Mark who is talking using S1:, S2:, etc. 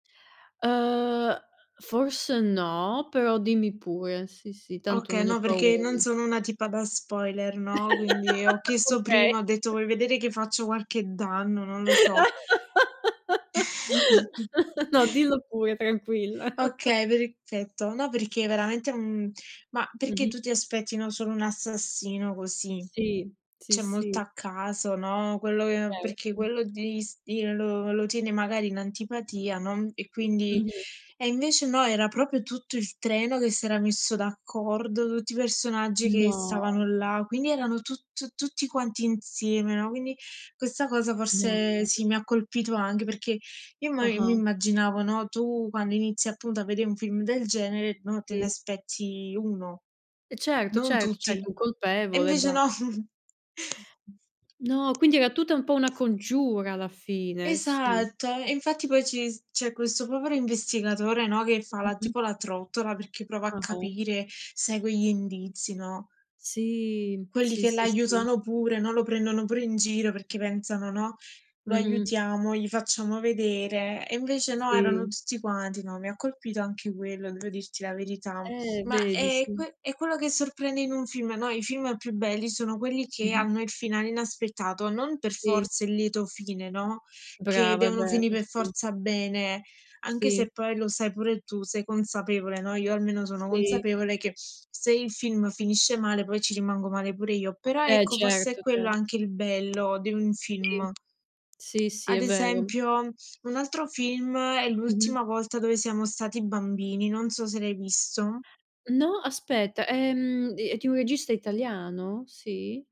S1: Ehm, forse no, però dimmi pure. Sì, sì, tanto
S2: Oka
S1: non ho
S2: no, perché
S1: paura
S2: non
S1: di
S2: sono una tipa da spoiler, no, quindi ho chiesto
S1: Okay.
S2: prima. Ho detto: "Vuoi vedere che faccio qualche danno? Non lo so".
S1: No, dillo pure, tranquilla.
S2: Okay, perfetto. No, perché veramente è un ma perché
S1: Mh-mh.
S2: tu ti aspetti no, solo un assassino così,
S1: Sì. Sì,
S2: cioè molto
S1: sì.
S2: a caso, no, quello che perché
S1: Certo.
S2: quello ti s ti lo lo tieni magari in antipatia, no, e quindi
S1: Mh-mh.
S2: e invece no, era proprio tutto il treno che si era messo d'accordo, tutti i personaggi che
S1: No.
S2: stavano là, quindi erano tut tutti quanti insieme, no. Quindi questa cosa forse
S1: No.
S2: sì, mi ha colpito anche, perché io mo io mi
S1: Ah-ah.
S2: immaginavo, no, tu quando inizi, appunto, a vede un film del genere, no, te ne
S1: Sì.
S2: aspetti 1,
S1: E certo,
S2: non
S1: certo,
S2: tutti.
S1: certo, un
S2: E
S1: colpevole e
S2: invece
S1: ba
S2: no.
S1: No, quindi era tutta un po' una congiura alla fine, sì.
S2: Esatto, e infatti poi ci s c'è questo povero investigatore, no, che fa la
S1: Mh-mh.
S2: tipo la trottola perché prova a
S1: Ah-ah.
S2: capire, segue gli indizi, no?
S1: Sì,
S2: Quelli
S1: sì,
S2: che
S1: sì, sì.
S2: l'aiutano pure, no, lo prendono pure in giro perché pensano, no: "Lo
S1: Mh-mh.
S2: aiutiamo, gli facciamo vedere", e invece no, erano
S1: Sì.
S2: tutti quanti no, mi ha colpito anche quello, devo dirti la verità.
S1: Eh,
S2: Ma
S1: vedi
S2: è
S1: sì.
S2: que è quello che sorprende in un film, no, i film più belli sono quelli che
S1: Mh-mh.
S2: hanno il finale inaspettato, non per
S1: Sì.
S2: forza il lieto fine, no, che
S1: Brava è
S2: devono
S1: vero,
S2: finì per
S1: sì.
S2: forza bene, anche
S1: Sì.
S2: se poi lo sai pure tu, sei consapevole, no, io almeno sono
S1: Sì.
S2: consapevole, che se il film finisce male, poi ci rimango male pure io, però
S1: Eh,
S2: ecco, forse è
S1: certo,
S2: quello
S1: certo.
S2: anche il bello di un
S1: Sì,
S2: film.
S1: sì, si
S2: Ad
S1: è vero.
S2: esempio un altro film, è
S1: Mh-mh.
S2: L'ultima volta dove siamo stati bambini, non so se l'hai visto.
S1: No, aspetta, ehm, è di un regista italiano? Sì?